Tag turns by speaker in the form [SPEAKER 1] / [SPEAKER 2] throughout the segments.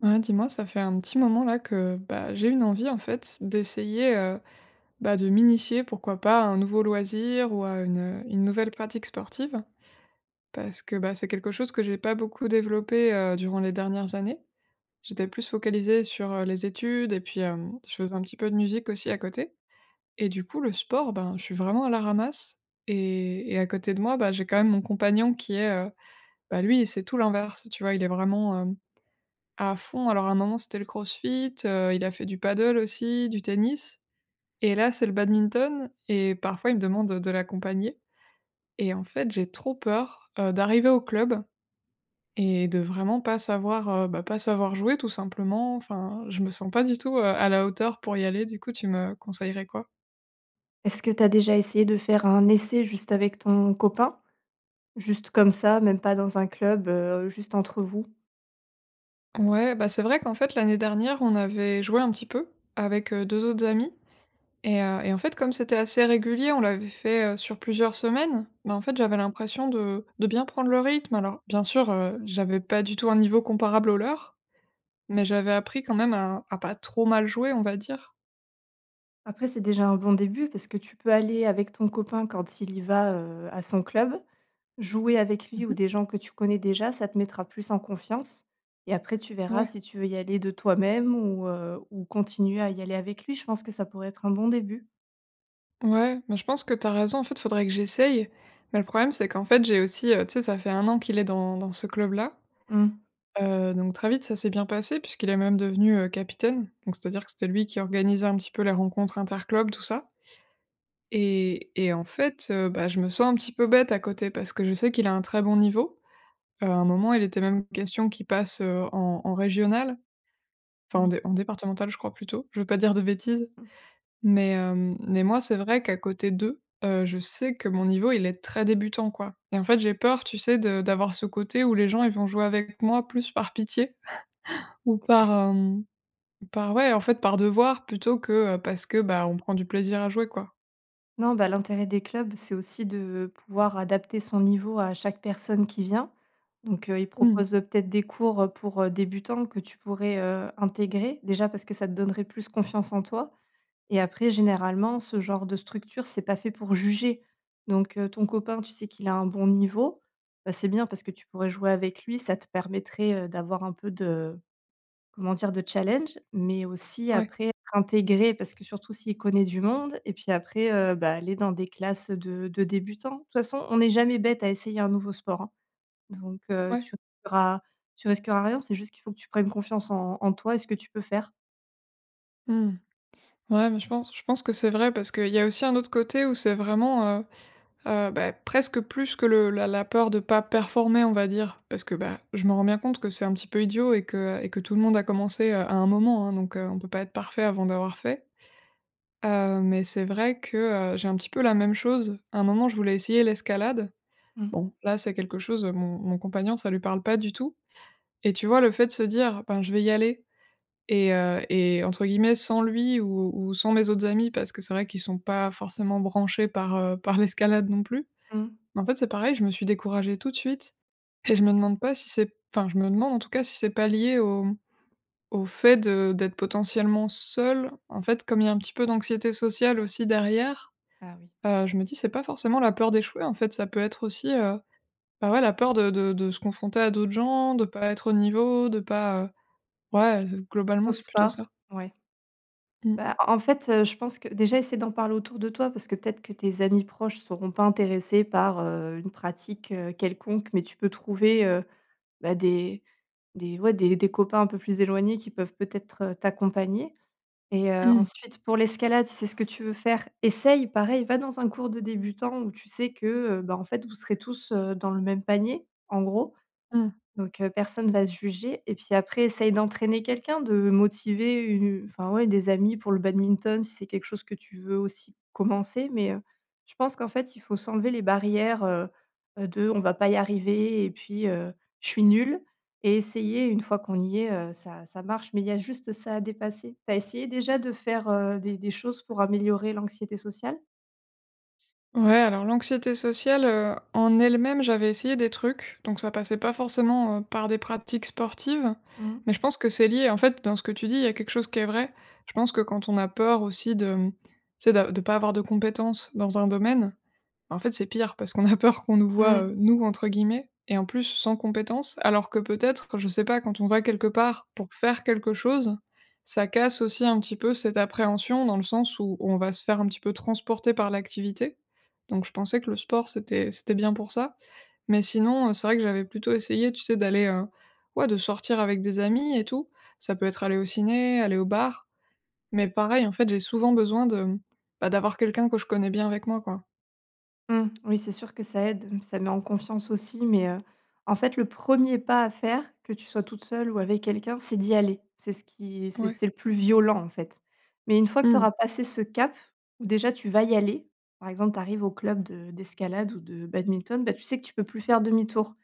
[SPEAKER 1] Ouais, dis-moi, ça fait un petit moment là que, bah, j'ai une envie, en fait, c'est d'essayer, heu, bah, de m'initier, pourquoi pas, à un nouveau loisir ou à une une nouvelle pratique sportive. Parce que, bah, c'est quelque chose que j'ai pas beaucoup développé, heu, durant les dernières années. J'étais plus focalisée sur, heu, les études et puis, hem, je faisais un petit peu de musique aussi à côté. Et du coup, le sport, ben, je suis vraiment à la ramasse. Et et à côté de moi, bah, j'ai quand même mon compagnon qui est heu bah lui, c'est tout l'inverse, tu vois? Il est vraiment, hem, à fond. Alors à un moment, c'était le CrossFit, heu, il a fait du paddle aussi, du tennis. Et là, c'est le badminton. Et parfois, il me demande heu, de l'accompagner. Et en fait, j'ai trop peur, heu, d'arriver au club et de vraiment pas savoir, heu, bah, pas savoir jouer tout simplement. Enfin, je me sens pas du tout, heu, à la hauteur pour y aller. Du coup, tu me conseillerais quoi?
[SPEAKER 2] Est-ce que tu as déjà essayé de faire un essai juste avec ton copain? Juste comme ça, même pas dans un club, heu, juste entre vous?
[SPEAKER 1] Ouais, bah, c'est vrai qu'en fait l'année dernière, on avait joué un petit peu avec, heu, 2 autres amis. Et heu et en fait, comme c'était assez régulier, on l'avait fait, heu, sur plusieurs semaines, mais en fait j'avais l'impression de de bien prendre le rythme. Alors, bien sûr, heu, j'avais pas du tout un niveau comparable aux leurs, mais j'avais appris quand même à à pas trop mal jouer, on va dire.
[SPEAKER 2] Après, c'est déjà un bon début, parce que tu peux aller avec ton copain quand il y va, heu, à son club. Jouer avec
[SPEAKER 1] Mmh
[SPEAKER 2] lui ou
[SPEAKER 1] mh.
[SPEAKER 2] des gens que tu connais déjà, ça te mettra plus en confiance. Et après, tu verras
[SPEAKER 1] Ouais.
[SPEAKER 2] si tu veux y aller de toi-même ou heu, ou continuer à y aller avec lui. Je pense que ça pourrait être un bon début.
[SPEAKER 1] Ouais. Mais je pense que tu as raison, en fait, faudrait que j'essaye. Mais le problème, c'est qu'en fait, j'ai aussi, heu tu sais, ça fait 1 an qu'il est dans dans ce club-là
[SPEAKER 2] Mmh.
[SPEAKER 1] heu, donc très vite, ça s'est bien passé puisqu'il est même devenu, heu, capitaine. Donc, c'est-à-dire que c'était lui qui organisait un petit peu les rencontres interclubs, tout ça et et en fait, heu, bah, je me sens un petit peu bête à côté, parce que je sais qu'il a un très bon niveau. Heu, à un moment, il était même question qu'il passe, heu, en en régionales. Enfin en
[SPEAKER 2] Oui.
[SPEAKER 1] dé en départementales, je crois, plutôt. Je veux pas dire de bêtises,
[SPEAKER 2] Mmh.
[SPEAKER 1] mais, hem, mais moi, c'est vrai qu'à côté d'eux, heu, je sais que mon niveau, il est très débutant, quoi. Et en fait, j'ai peur, tu sais, de d'avoir ce côté où les gens, ils vont jouer avec moi plus par pitié ou par,
[SPEAKER 2] Mmh.
[SPEAKER 1] hem, par, ouais, en fait par devoir plutôt que, heu, parce que, bah, on prend du plaisir à jouer, quoi.
[SPEAKER 2] Non, ben l'intérêt des clubs, c'est aussi de pouvoir adapter son niveau à chaque personne qui vient. Donc, heu, ils
[SPEAKER 1] Mmh.
[SPEAKER 2] proposent, heu, peut-être des cours pour, heu, débutants que tu pourrais, heu, intégrer. Déjà, parce que ça te donnerait plus confiance en toi. Et après, généralement, ce genre de structures c'est pas fait pour juger. Donc, heu, ton copain, tu sais qu'il a un bon niveau, bah, c'est bien parce que tu pourrais jouer avec lui, ça te permettrait, heu, d'avoir un peu de, comment dire? De challenge. Mais aussi
[SPEAKER 1] Ouais.
[SPEAKER 2] après être intégrée parce que surtout s'il connaît du monde et puis après, heu, bah, aller dans des classes, heu, de de débutants. De toute façon, on est jamais bête à essayer un nouveau sport, hein. Donc, heu,
[SPEAKER 1] Ouais.
[SPEAKER 2] tu auras tu risqueras rien, c'est juste qu'il faut que tu prennes confiance en en toi et ce que tu peux faire.
[SPEAKER 1] Mmh. Ouais, mais je pense je pense que c'est vrai, parce qu'il y a aussi un autre côté où c'est vraiment heu, heu, bah, presque plus que le la la peur de pas performer, on va dire, parce que, bah, je m'en rends bien compte que c'est un petit peu idiot et que et que tout le monde a commencé, heu, à un moment, hein. Donc, heu, on peut pas être parfait avant d'avoir fait. Heu, mais c'est vrai que, heu, j'ai un petit peu la même chose. À un moment, je voulais essayer l'escalade.
[SPEAKER 2] Mmh.
[SPEAKER 1] Bon. Là, c'est quelque chose, heu, mon mon compagnon, ça lui parle pas du tout. Et tu vois, le fait de se dire: «Ben je vais y aller» et heu et entre guillemets: «sans lui ou ou sans mes autres amis» parce que c'est vrai qu'ils sont pas forcément branchés par heu, par l'escalade non plus.
[SPEAKER 2] Mmh.
[SPEAKER 1] Bah, en fait, c'est pareil, je me suis découragée tout de suite et je me demande pas si c'est p enfin je me demande, en tout cas, si c'est pas lié au au fait de d'être potentiellement seule. En fait, comme il y a un petit peu d'anxiété sociale aussi derrière,
[SPEAKER 2] Ah, oui.
[SPEAKER 1] heu, je me dis: «C'est pas forcément la peur d'échouer en fait, ça peut être aussi, heu, bah, ouais la peur de de de se confronter à d'autres gens, de pas être au niveau, de pas heu».
[SPEAKER 2] T
[SPEAKER 1] Ouais
[SPEAKER 2] tu
[SPEAKER 1] heu, c globalement, c'est
[SPEAKER 2] oses
[SPEAKER 1] plutôt
[SPEAKER 2] pas?
[SPEAKER 1] ça.
[SPEAKER 2] Ouais.
[SPEAKER 1] Mmh.
[SPEAKER 2] Bah, en en fait heu, je pense que, déjà, essaye d'en parler autour de toi, parce que peut-être que tes amis proches seront pas intéressés par, heu, une pratique, heu, quelconque. Mais tu peux trouver, heu, bah, des des ouais des des copains un peu plus éloignés, qui peuvent peut-être, heu, t'accompagner. Et heu,
[SPEAKER 1] Mmh.
[SPEAKER 2] ensuite, pour l'escalade, si c'est ce que tu veux faire, essaye. Pareil, va dans un cours de débutant, où tu sais que, heu, bah, en fait, vous serez tous, heu, dans le même panier, en gros.
[SPEAKER 1] Mmh.
[SPEAKER 2] Donc, heu, personne va se juger. Et puis après, essaye d'entraîner quelqu'un, de motiver u enfin ouais des amis pour le badminton, si c'est quelque chose que tu veux aussi commencer. Mais, heu, je pense qu'en fait, il faut s'enlever les barrières, heu, heu, de: «On va pas y arriver» et puis: «Heu, je suis nulle» et essayer. Une fois qu'on y est, heu, ça ça marche. Mais il y a juste ça a dépasser. Tu as essayé déjà de faire, heu, des des choses pour améliorer l'anxiété sociale?
[SPEAKER 1] Ouais, alors l'anxiété sociale, heu, en elle-même, j'avais essayé des trucs. Donc, ça passait pas forcément, heu, par des pratiques sportives.
[SPEAKER 2] Mmh.
[SPEAKER 1] Mais je pense que c'est lié. En fait, dans ce que tu dis, il y a quelque chose qui est vrai. Je pense que, quand on a peur aussi de, hem, tu sais, d'a de pas avoir de compétences dans un domaine, bah, en fait, c'est pire. Parce qu'on a peur qu'on nous voit,
[SPEAKER 2] Mmh.
[SPEAKER 1] heu, «nous», entre guillemets, et en plus sans compétences. Alors que, peut-être enfin, je sais pas, quand on va quelque part pour faire quelque chose, ça casse aussi un petit peu cette appréhension, dans le sens où, on va se faire un petit peu transporter par l'activité. Donc, je pensais que le sport, c'était c'était bien pour ça. Mais sinon, heu, c'est vrai que j'avais plutôt essayé, tu sais, d'aller, heu, ouais, de sortir avec des amis et tout. Ça peut être aller au ciné, aller au bar. Mais pareil, en fait, j'ai souvent besoin de, bah, d'avoir quelqu'un que je connais bien avec moi, quoi.
[SPEAKER 2] Mmh. Oui, c'est sûr que ça aide, ça met en confiance aussi. Mais, heu, en fait, le premier pas à faire, que tu sois toute seule ou avec quelqu'un, c'est d'y aller. C'est ce qui c'est
[SPEAKER 1] Ouais.
[SPEAKER 2] c'est le plus violent, en fait. Mais une fois que
[SPEAKER 1] Mmh.
[SPEAKER 2] t'auras passé ce cap, déjà, tu vas y aller. Par exemple, t'arrives au club de d'escalade ou de badminton, bah, tu sais que tu peux plus faire demi-tour.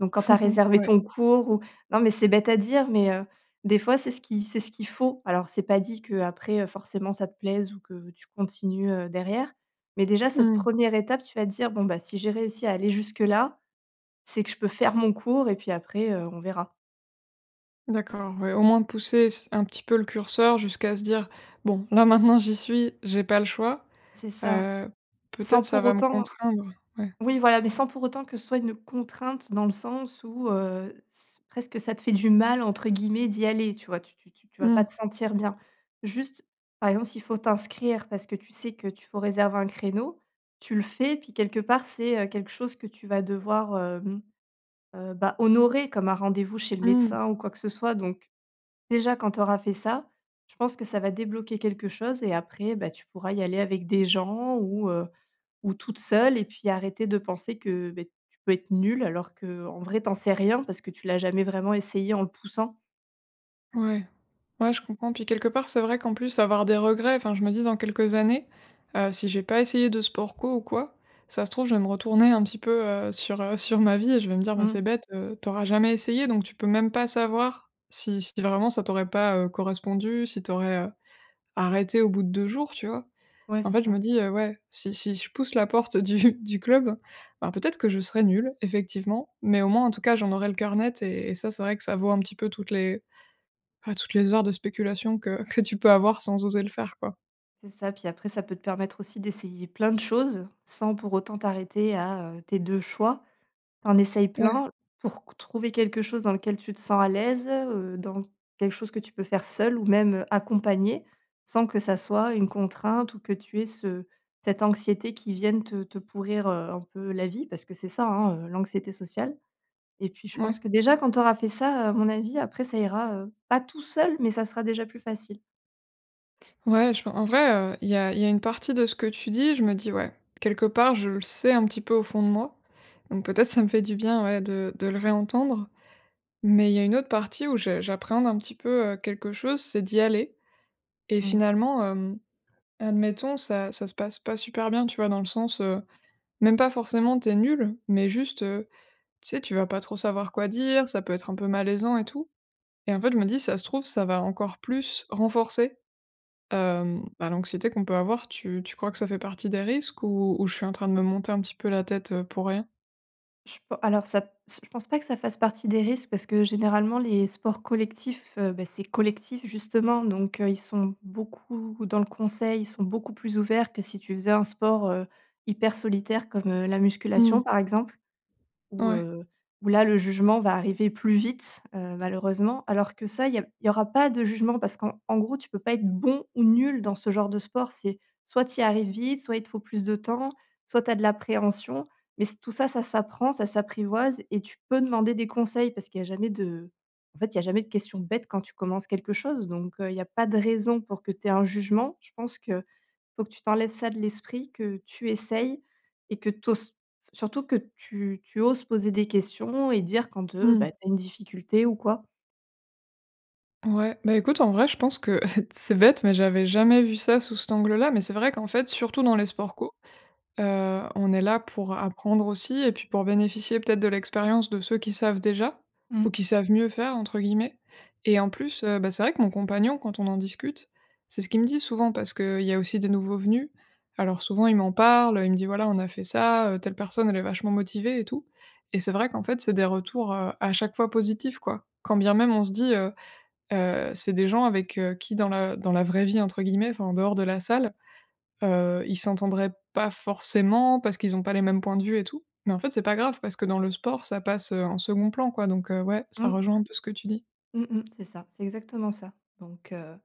[SPEAKER 2] Donc, quand t'as réservé
[SPEAKER 1] Ouais.
[SPEAKER 2] ton cours ou non, mais c'est bête à dire, mais, heu, des fois, c'est ce qui c'est ce qu'il faut. Alors, c'est pas dit qu'après, heu, forcément, ça te plaise ou que tu continues, heu, derrière. Mais déjà, cette
[SPEAKER 1] Mmh.
[SPEAKER 2] première étape, tu vas te dire: «Bon, bah, si j'ai réussi à aller jusque-là, c'est que je peux faire mon cours et puis après, heu, on verra».
[SPEAKER 1] D'accord, ouais, au moins pousser s un petit peu le curseur jusqu'à se dire: «Bon, là maintenant, j'y suis, j'ai pas le choix»,
[SPEAKER 2] C'est ça.
[SPEAKER 1] heu,
[SPEAKER 2] Sans
[SPEAKER 1] peut-être ça
[SPEAKER 2] pour
[SPEAKER 1] va me
[SPEAKER 2] autant
[SPEAKER 1] contraindre, ouais.
[SPEAKER 2] Oui voilà, mais sans pour autant que ce soit une contrainte dans le sens où, heu, s presque ça te fait du «mal», entre guillemets, d'y aller. Tu vois? Tu tu tu tu vas pas
[SPEAKER 1] Mmh.
[SPEAKER 2] te sentir bien. Juste, par exemple, s'il faut t'inscrire parce que tu sais que tu faut réserver un créneau, tu le fais, puis quelque part, c'est, heu, quelque chose que tu vas devoir, hem, heu, bah honorer comme un rendez-vous chez le
[SPEAKER 1] Mmh.
[SPEAKER 2] médecin, ou quoi que ce soit. Donc, déjà, quand t'auras fait ça, je pense que ça va débloquer quelque chose. Et après, bah, tu pourras y aller avec des gens ou, heu, ou toute seule et puis arrêter de penser que, beh, tu peux être nulle, alors que, en vrai, t'en sais rien, parce que tu l'as jamais vraiment essayé en le poussant.
[SPEAKER 1] Ouais. Ouais, je comprends. Puis, quelque part, c'est vrai, qu'en plus avoir des regrets enfin, je me dis: «Dans quelques années, heu, si j'ai pas essayé de sport co ou quoi, ça se trouve, je vais me retourner un petit peu, heu, sur, heu, sur ma vie» et je vais me dire: «Ben, c'est
[SPEAKER 2] Mmh.
[SPEAKER 1] bête, heu, t'auras jamais essayé, donc tu peux même pas savoir si si vraiment, ça t'aurait pas, heu, correspondu, si t'aurais, heu, arrêté au bout de 2 jours», tu vois?
[SPEAKER 2] Ouais,
[SPEAKER 1] En
[SPEAKER 2] c'est
[SPEAKER 1] fait, je
[SPEAKER 2] ça.
[SPEAKER 1] me dis: «Heu, ouais, si si je pousse la porte du du club, bah, peut-être que je serai nulle effectivement. Mais, au moins, en tout cas, j'en aurai le cœur net et et ça, c'est vrai que ça vaut un petit peu toutes les enfin toutes les heures de spéculation que que tu peux avoir sans oser le faire, quoi.
[SPEAKER 2] C'est ça, puis après, ça peut te permettre aussi d'essayer plein de choses sans, pour autant, t'arrêter à, heu, tes 2 choix. T'en essayes
[SPEAKER 1] Ouais.
[SPEAKER 2] plein, pour qu trouver quelque chose dans lequel tu te sens à l'aise, heu, dans quelque chose que tu peux faire seule, ou même accompagnée, sans que ça soit une contrainte ou que tu aies ce cette anxiété qui vienne te te pourrir, heu, un peu la vie, parce que c'est ça hein, heu, l'anxiété sociale. Et puis, je pense
[SPEAKER 1] Ouais.
[SPEAKER 2] que, déjà quand t'auras fait ça, heu, à mon avis, après ça ira, heu, pas tout seul, mais ça sera déjà plus facile.
[SPEAKER 1] Ouais, je pen en vrai, heu, il y a il y a une partie de ce que tu dis, je me dis: «ouais, quelque part, je le sais un petit peu au fond de moi». Donc peut-être ça me fait du bien, ouais de de le réentendre. Mais il y a une autre partie où je j'appréhende un petit peu, heu, quelque chose, c'est d'y aller. Et
[SPEAKER 2] Mmh.
[SPEAKER 1] finalement, hem, admettons, ça ça se passe pas super bien, tu vois, dans le sens, heu, même pas forcément, tu es nulle. Mais juste, heu, tu sais, tu vas pas trop savoir quoi dire, ça peut être un peu malaisant et tout. Et en fait, je me dis, ça se trouve, ça va encore plus renforcer, hem, bah, l'anxiété qu'on peut avoir. Tu tu crois que ça fait partie des risques ou ou je suis en train de me monter un petit peu la tête, heu, pour rien?
[SPEAKER 2] Je pen alors ça s je pense pas que ça fasse partie des risques parce que, généralement, les sports collectifs, heu, ben, c'est collectif justement donc, heu, ils sont beaucoup dans le conseil, ils sont beaucoup plus ouverts que si tu faisais un sport, heu, hyper solitaire comme, heu, la
[SPEAKER 1] Mmh.
[SPEAKER 2] musculation par exemple. Où,
[SPEAKER 1] Ouais.
[SPEAKER 2] heu, où là, le jugement va arriver plus vite, heu, malheureusement. Alors que ça, il y a il y aura pas de jugement parce qu'en gros tu peux pas être bon ou nul dans ce genre de sport. C'est soit tu y arrives vite, soit il te faut plus de temps, soit tu as de l'appréhension. Mais c tout ça, ça s'apprend, ça s'apprivoise et tu peux demander des conseils parce qu'il y a jamais de en fait, il y a jamais de question bête, quand tu commences quelque chose. Donc, heu, il y a pas de raison pour que tu aies un jugement. Je pense qu'il faut que tu t'enlèves ça de l'esprit, que tu essayes et que tu oses faut surtout que tu tu oses poser des questions et dire quand, heu, bah,
[SPEAKER 1] Mmh.
[SPEAKER 2] tu as une difficulté ou quoi.
[SPEAKER 1] Ouais, bah, écoute, en vrai, je pense que c'est bête, mais j'avais jamais vu ça sous cet angle là. Mais c'est vrai qu'en fait, surtout dans les sports co, heu, on est là pour apprendre aussi et puis pour bénéficier peut-être de l'expérience de ceux qui savent déjà ou
[SPEAKER 2] Mmh.
[SPEAKER 1] qui savent mieux faire entre guillemets. Et en plus, heu, bah, c'est vrai que mon compagnon, quand on en discute, c'est ce qu'il me dit souvent, parce qu'il y a aussi des nouveaux venus. Alors souvent, il m'en parle, il me dit: «Voilà, on a fait ça, heu, telle personne, elle est vachement motivée et tout». Et c'est vrai qu'en fait, c'est des retours, heu, à chaque fois positifs, quoi. Quand bien même, on se dit, heu heu, c'est des gens avec qui, dans la dans la vraie vie, entre guillemets, enfin en dehors de la salle, heu, ils s'entendraient pas forcément parce qu'ils ont pas les mêmes points de vue et tout. Mais en fait, c'est pas grave parce que dans le sport, ça passe, heu, en second plan, quoi. Donc, heu, ouais, ça
[SPEAKER 2] Ouais, c'est
[SPEAKER 1] rejoint
[SPEAKER 2] ça.
[SPEAKER 1] un peu ce que tu dis.
[SPEAKER 2] Mmh mh, c'est ça, c'est exactement ça, donc, heu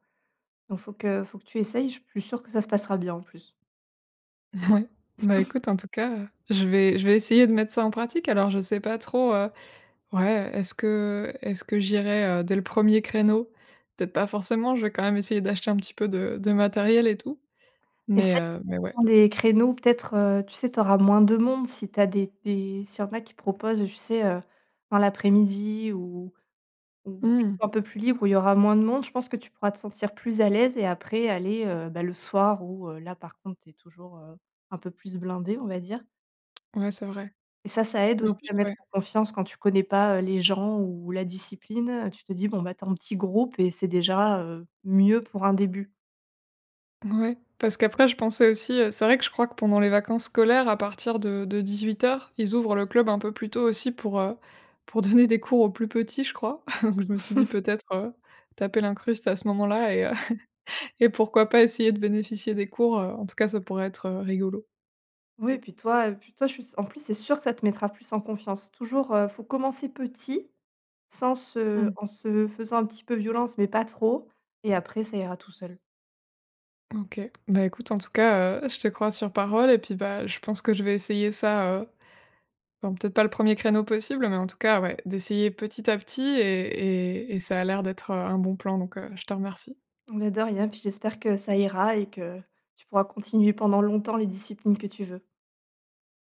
[SPEAKER 2] donc faut que faut que tu essayes. Je suis plus sûre que ça se passera bien en plus.
[SPEAKER 1] Ouais, bah, écoute, en tout cas, heu, je vais je vais essayer de mettre ça en pratique. Alors je ne sais pas trop, heu ouais, est-ce que est-ce que j'irai dès le 1er créneau? Peut-être, pas forcément, je vais quand même essayer d'acheter un petit peu de de matériel et tout, mais
[SPEAKER 2] Essaye de
[SPEAKER 1] heu mais ouais.
[SPEAKER 2] prendre les créneaux peut-être, heu, tu sais, tu auras moins de monde si tu as des des s'il y en a qui proposent, tu sais, heu, dans l'après-midi ou ou dès qu'ils
[SPEAKER 1] Mmh.
[SPEAKER 2] sont un peu plus libre où il y aura moins de monde, je pense que tu pourras te sentir plus à l'aise et après aller, heu, bah, le soir où là par contre, c'est toujours, heu, un peu plus blindé, on va dire.
[SPEAKER 1] Ouais c'est vrai.
[SPEAKER 2] Et ça, ça aide
[SPEAKER 1] Mais en
[SPEAKER 2] aussi
[SPEAKER 1] plus
[SPEAKER 2] à mettre
[SPEAKER 1] ouais
[SPEAKER 2] en confiance quand tu connais pas, heu, les gens ou la discipline. Tu te dis, bon bah, tu es en petit groupe et c'est déjà, heu, mieux pour un début.
[SPEAKER 1] Ouais, parce qu'après, je pensais aussi heu c'est vrai que je crois que, pendant les vacances scolaires, à partir de de 18:00 heures, ils ouvrent le club un peu plus tôt aussi pour, heu, pour donner des cours aux plus petits, je crois, donc je me suis dit peut-être, heu, taper l'incruste à ce moment-là et heu, et pourquoi pas essayer de bénéficier des cours, heu. En tout cas, ça pourrait être, heu, rigolo.
[SPEAKER 2] Oui, puis toi et puis toi, je suis s en plus c'est sûr que ça te mettra plus en confiance. Toujours, heu, faut commencer petit sans se
[SPEAKER 1] Mmh.
[SPEAKER 2] en se faisant un petit peu violence, mais pas trop. Et après ça ira tout seul.
[SPEAKER 1] OK. Bah écoute, en tout cas, heu, je te crois sur parole et puis, bah, je pense que je vais essayer ça, heu bon, peut-être pas le 1er créneau possible, mais en tout cas, ouais, d'essayer petit à petit et et et ça a l'air d'être, heu, un bon plan, donc, heu, je te remercie.
[SPEAKER 2] Mais de rien. Puis, j'espère que ça ira et que tu pourras continuer pendant longtemps les disciplines que tu veux.